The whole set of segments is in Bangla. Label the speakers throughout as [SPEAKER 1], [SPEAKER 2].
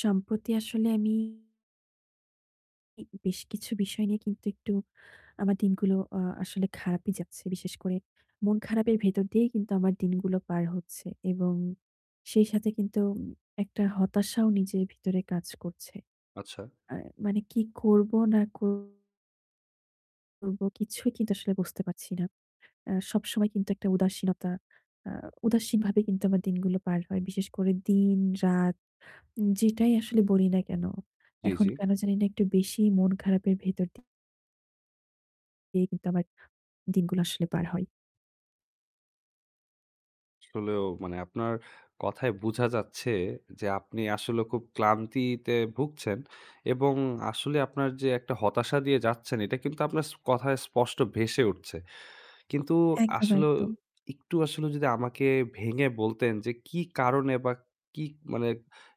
[SPEAKER 1] সম্প্রতি আসলে আমি জি বেশ কিছু বিষয় নিয়ে কিন্তু একটু আমার দিনগুলো আ আসলে খারাপই যাচ্ছে। বিশেষ করে মন খারাপের ভেতর দিয়েই কিন্তু আমার দিনগুলো পার হচ্ছে এবং সেই সাথে কিন্তু উম একটা হতাশাও নিজের ভেতরে কাজ করছে।
[SPEAKER 2] আচ্ছা।
[SPEAKER 1] আ মানে কি করব না ক করবো, কিছুই কিন্তু আসলে বুঝতে পারছি না। অ্যা সবসময় কিন্তু একটা উদাসীনতা, আ উদাসীন ভাবে কিন্তু আমার দিনগুলো পার হয়। বিশেষ করে দিন রাত যেটাই আসলে বলি না কেন।
[SPEAKER 2] জি,
[SPEAKER 1] এখন
[SPEAKER 2] জি।
[SPEAKER 1] কেন জানিনা একটু বেশি মন খারাপের ভেতর দি দিয়ে কিন্তু আমার দিনগুলো আসলে পার হয়।
[SPEAKER 2] আসলেও মানে আপনার কথায় বোঝা যাচ্ছে যে আপনি আসলে খুব ক্লান্তিতে ভুগছেন এবং আসলে আপনার যে একটা হতাশা দিয়ে যাচ্ছেন এটা কিন্তু আপনার ছ কথায় স্পষ্ট ভেসে উঠছে। কিন্তু
[SPEAKER 1] একদম,
[SPEAKER 2] আসলেও
[SPEAKER 1] একদম।
[SPEAKER 2] একটু আসলে যদি আমাকে ভেঙে বলতেন যে কী কারণে বা কী মানে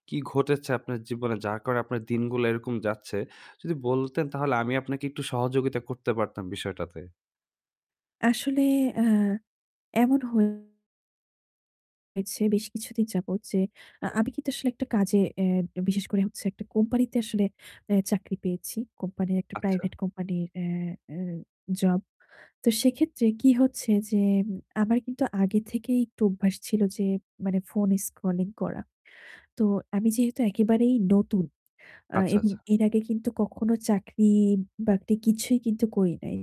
[SPEAKER 2] কী ঘটেছে আপনার জীবনে? যার কারণে আপনার দিনগুলো এরকম যাচ্ছে। যদি বলতেন তাহলে আমি আপনাকে একটু সহযোগিতা করতে পারতাম বিষয়টাতে।
[SPEAKER 1] আসলে অ্যা এমন হয়েছে বেশ কিছুদিন যাবত যে আ আমি কিন্তু আসলে একটা কাজে, অ্যা বিশেষ করে হচ্ছে একটা কোম্পানিতে আসলে অ্যা চাকরি পেয়েছি। কোম্পানির একটা
[SPEAKER 2] আচ্ছা।
[SPEAKER 1] private company র অ্যা অ্যা job. তো সেক্ষেত্রে কি হচ্ছে যে উম আমার কিন্তু আগে থেকেই একটু অভ্যাস ছিল যে মানে phone scrolling করা। তো আমি যেহেতু একেবারেই নতুন আ
[SPEAKER 2] আচ্ছা,
[SPEAKER 1] এবং
[SPEAKER 2] আচ্ছা।
[SPEAKER 1] এর আগে কিন্তু কখনো চাকরি-বাকরি কিছুই কিন্তু করি নাই।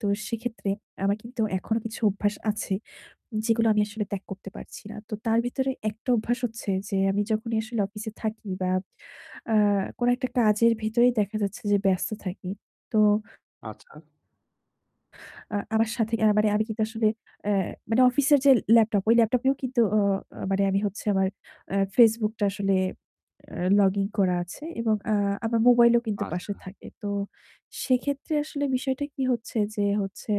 [SPEAKER 1] তো সেক্ষেত্রে আমার কিন্তু এখনও কিছু অভ্যাস আছে যেগুলো আমি আসলে ত্যাগ করতে পারছি না। তো তার ভেতরে একটা অভ্যাস হচ্ছে যে আমি যখনই আসলে অফিসে থাকি বা আ কোন একটা কাজের ভেতরে দেখা যাচ্ছে যে ব্যস্ত থাকি। তো
[SPEAKER 2] আচ্ছা।
[SPEAKER 1] আ আমার সাথে আ মানে আমি কিন্তু আসলে অ্যা মানে অফিসের যে laptop ওই laptop এও কিন্তু অ অ মানে আমি হচ্ছে আমার অ্যা Facebook টা আসলে অ্যা login করা আছে এবং আ আমার mobile ও কিন্তু পাশে
[SPEAKER 2] আচ্ছা।
[SPEAKER 1] থাকে। তো সেক্ষেত্রে আসলে বিষয়টা কি হচ্ছে যে হচ্ছে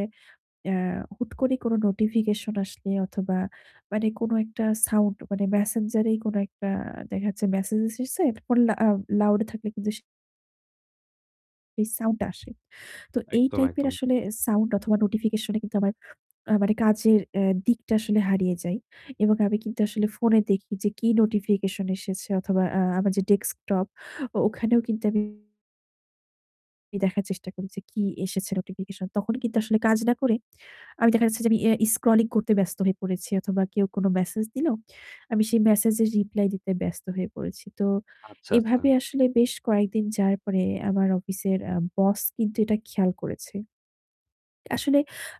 [SPEAKER 1] ইয়া হুট করে কোনো notification আসলে অথবা মানে কোনো একটা sound মানে Messenger এই কোনো একটা দেখা যাচ্ছে message এসেছে, phone loud, loud এ থাকলে কিন্তু সে sound টা আসে। তো এই
[SPEAKER 2] একদম,
[SPEAKER 1] type এর
[SPEAKER 2] একদম।
[SPEAKER 1] আসলে sound অথবা notification এ কিন্তু আমার আ মানে কাজের অ্যা দিকটা আসলে হারিয়ে যায় এবং আমি কিন্তু আসলে phone এ দেখি যে কি notification এসেছে অথবা আ আমার যে desktop ওখানেও কিন্তু আমি দেখার চেষ্টা করি যে কি এসেছে notification, তখন কিন্তু আসলে কাজ না করে আমি দেখা যাচ্ছে যে অ্যা আমি scrolling করতে ব্যস্ত হয়ে পড়েছি অথবা কেউ কোনো message দিল, আমি সেই message এর reply দিতে ব্যস্ত হয়ে পড়েছি। তো
[SPEAKER 2] আচ্ছা,
[SPEAKER 1] এভাবে
[SPEAKER 2] আচ্ছা।
[SPEAKER 1] আসলে বেশ কয়েকদিন যার পরে আমার অফিসের অ্যা boss কিন্তু এটা খেয়াল করেছে। আসলে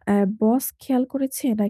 [SPEAKER 1] অ্যা boss খেয়াল করেছে নাক